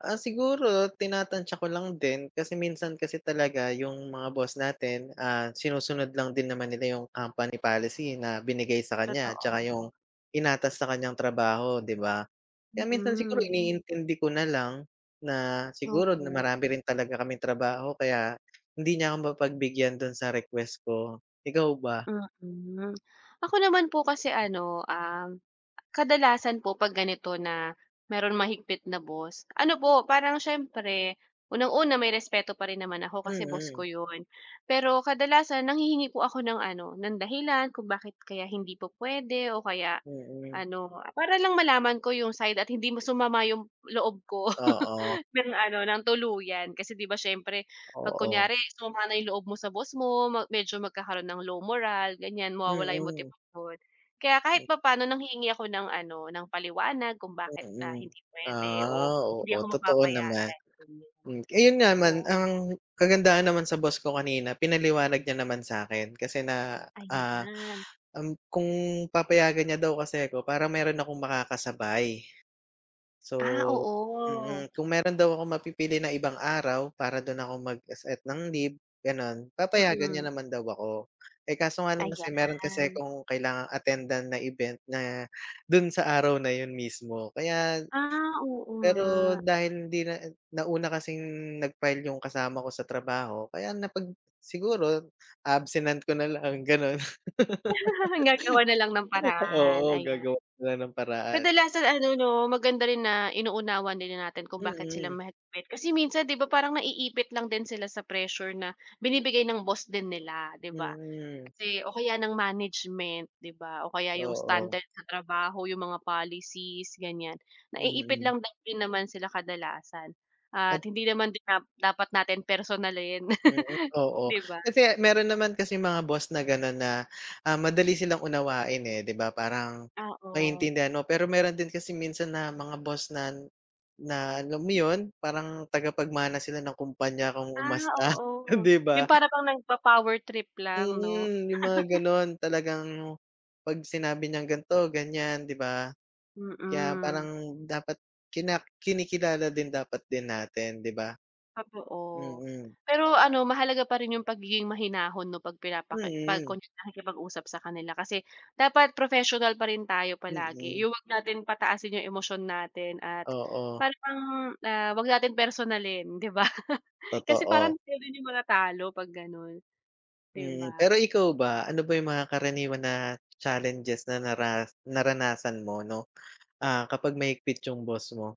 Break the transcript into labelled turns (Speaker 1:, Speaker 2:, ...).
Speaker 1: Ah, siguro tinatantya ko lang din kasi minsan kasi talaga yung mga boss natin, ah, sinusunod lang din naman nila, ah, yung company policy na binigay sa kanya 'tsaka
Speaker 2: Totoo.
Speaker 1: yung inatas sa kanyang trabaho, 'di ba? Kaya minsan siguro
Speaker 2: Mm.
Speaker 1: iniintindi ko nalang na, siguro
Speaker 2: Opo.
Speaker 1: marami rin talaga kaming trabaho kaya hindi niya ako mapagbigyan dun sa request ko, ikaw ba?
Speaker 2: Mm, ako naman po kasi ano, um, kadalasan po 'pag ganito na merong mahigpit na boss ano po, parang siyempre unang-una may respeto pa rin naman ako kasi boss ko
Speaker 1: Mm.
Speaker 2: 'yon, pero kadalasan nanghihingi po ako ng ano, ng dahilan kung bakit kaya hindi po p'wede o kaya
Speaker 1: Mm
Speaker 2: ano, para lang malaman ko 'yung side at hindi sumama 'yong loob ko
Speaker 1: Oo.
Speaker 2: ng ano, ng tuluyan kasi 'di ba siyempre 'pag
Speaker 1: Oo.
Speaker 2: kunyare sumama na yung loob mo sa boss mo, medyo magkakaroon ng low morale gan'yan mawawala yung
Speaker 1: Mm.
Speaker 2: motibasyon. Kaya kahit papaano nanghihingi ako ng ano, ng paliwanag kung bakit, ah,
Speaker 1: Mm,
Speaker 2: hindi p'wede o
Speaker 1: ah, oo,
Speaker 2: hindi ako
Speaker 1: totoo naman.
Speaker 2: mapapayagan,
Speaker 1: Ayun nga naman
Speaker 2: oo.
Speaker 1: ang kagandahan naman sa boss ko kanina pinaliwanag niya naman sa'kin kasi na, ah,
Speaker 2: Ayan.
Speaker 1: um, kung papayagan niya daw kasi ako parang meron akong makakasabay. So
Speaker 2: Ah, oo.
Speaker 1: mm, kung meron daw akong mapipili ng ibang araw para dun ako mag se-set ng leave, gano'n, papayagan niya
Speaker 2: Mm.
Speaker 1: naman daw ako, eh, kaso nga lang kasi, meron kasi
Speaker 2: Ayan.
Speaker 1: akong kailangang attendan na event na dun sa araw na yun mismo. Kaya,
Speaker 2: Ah, oo
Speaker 1: pero
Speaker 2: nga.
Speaker 1: dahil hindi na, nauna kasing nag-file yung kasama ko sa trabaho kaya napag siguro absenan ko na lang ganun.
Speaker 2: Gagawa na lang ng paraan,
Speaker 1: Oo
Speaker 2: ayan.
Speaker 1: gagawan ko nalang ng paraan.
Speaker 2: Kadalasan ano 'no maganda rin na inuunawa din natin kung bakit sila
Speaker 1: Mm.
Speaker 2: mahigpit kasi minsan 'di ba parang naiipit lang din sila sa pressure na binibigay ng boss din nila, 'di ba,
Speaker 1: Mm.
Speaker 2: kasi o kaya ng management 'di ba o kaya 'yung
Speaker 1: Oo.
Speaker 2: standard sa trabaho 'yung mga policies gan'yan naiipit
Speaker 1: Mm.
Speaker 2: lang din naman sila kadalasan, at
Speaker 1: Ad
Speaker 2: hindi naman dapat natin personalin,
Speaker 1: Mm, oo.
Speaker 2: 'di ba.
Speaker 1: Kasi meron naman kasing mga boss na gano'n na, ah, madali silang unawain, eh, 'di ba parang
Speaker 2: Ah, o.
Speaker 1: maiintindihan mo, pero meron din kasi minsan na mga boss na na alam mo yun, parang tagapagmana sila ng kumpanya kong
Speaker 2: Ah,
Speaker 1: umasta,
Speaker 2: oo,
Speaker 1: 'di
Speaker 2: yung
Speaker 1: ba?
Speaker 2: para pang nagpo-power trip lang 'no.
Speaker 1: Mm, yung mga gano'n talagang pag sinabi niyang ganito-ganyan, 'di ba? Kaya
Speaker 2: Mm.
Speaker 1: parang dapat kina kinikilala din dapat din natin, 'di ba?
Speaker 2: Oo,
Speaker 1: Mm.
Speaker 2: pero ano mahalaga pa rin yung pagiging mahinahon 'no pag pinapake pag
Speaker 1: Mm.
Speaker 2: nakikipag-usap sa kanila kasi dapat professional pa rin tayo palagi
Speaker 1: Mm.
Speaker 2: yung huwag natin pataasin yung emosyon natin at
Speaker 1: Oo.
Speaker 2: parang, ah, wag nating personalin, 'di ba. Kasi
Speaker 1: Totoo.
Speaker 2: parang ikaw din yung manatalo 'pag gano'n, 'di
Speaker 1: Mm,
Speaker 2: ba?
Speaker 1: pero ikaw ba, ano ba yung mga karaniwan na challenges na nara naranasan mo 'no? Ah, kapag mahigpit yung boss mo?